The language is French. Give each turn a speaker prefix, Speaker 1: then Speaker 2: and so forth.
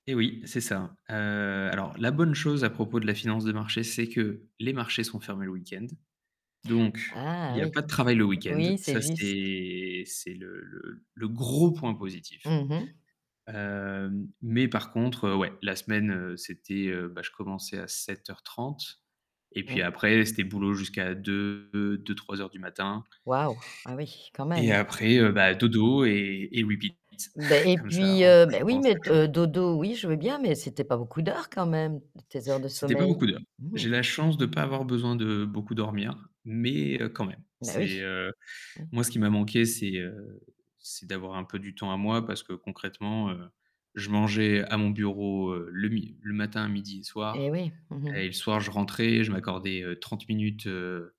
Speaker 1: Et oui, c'est ça, heu, alors, la bonne chose à propos de la finance de marché, c'est que les marchés sont fermés le week-end, donc il
Speaker 2: Ah
Speaker 1: n'y a
Speaker 2: oui,
Speaker 1: pas de travail le week-end.
Speaker 2: oui. C'est
Speaker 1: Ça
Speaker 2: juste.
Speaker 1: c'est c'est le le le gros point positif,
Speaker 2: Mmh mh.
Speaker 1: heu, mais par contre, ouais, la semaine, heu, c'était, heu, bah, je commençais à 7:30 et
Speaker 2: Oui.
Speaker 1: puis après c'était boulot jusqu'à deux deux, 03:00 du matin
Speaker 2: Waouh. Ah oui, quand
Speaker 1: et
Speaker 2: même.
Speaker 1: après, heu, bah, dodo et et repeat
Speaker 2: Ben et
Speaker 1: comme ça
Speaker 2: puis,
Speaker 1: en
Speaker 2: heu,
Speaker 1: boucle,
Speaker 2: bah, oui
Speaker 1: pendant 5
Speaker 2: mais
Speaker 1: jours.
Speaker 2: heu, dodo, oui je veux bien, mais c'était pas beaucoup d'heures quand même tes heures de
Speaker 1: C'était pas
Speaker 2: sommeil.
Speaker 1: beaucoup d'heures. J'ai la chance de pas avoir besoin de beaucoup dormir, mais quand même,
Speaker 2: Beh,
Speaker 1: c'est,
Speaker 2: oui,
Speaker 1: heu,
Speaker 2: oui.
Speaker 1: moi ce qui m'a manqué, c'est, heu, c'est d'avoir un peu du temps à moi parce que concrètement, heu, je mangeais à mon bureau, heu, le mi le matin, midi et
Speaker 2: Et
Speaker 1: soir
Speaker 2: oui. Mmh
Speaker 1: et
Speaker 2: mh.
Speaker 1: le soir je rentrais. Je m'accordais, heu, 30 minutes, heu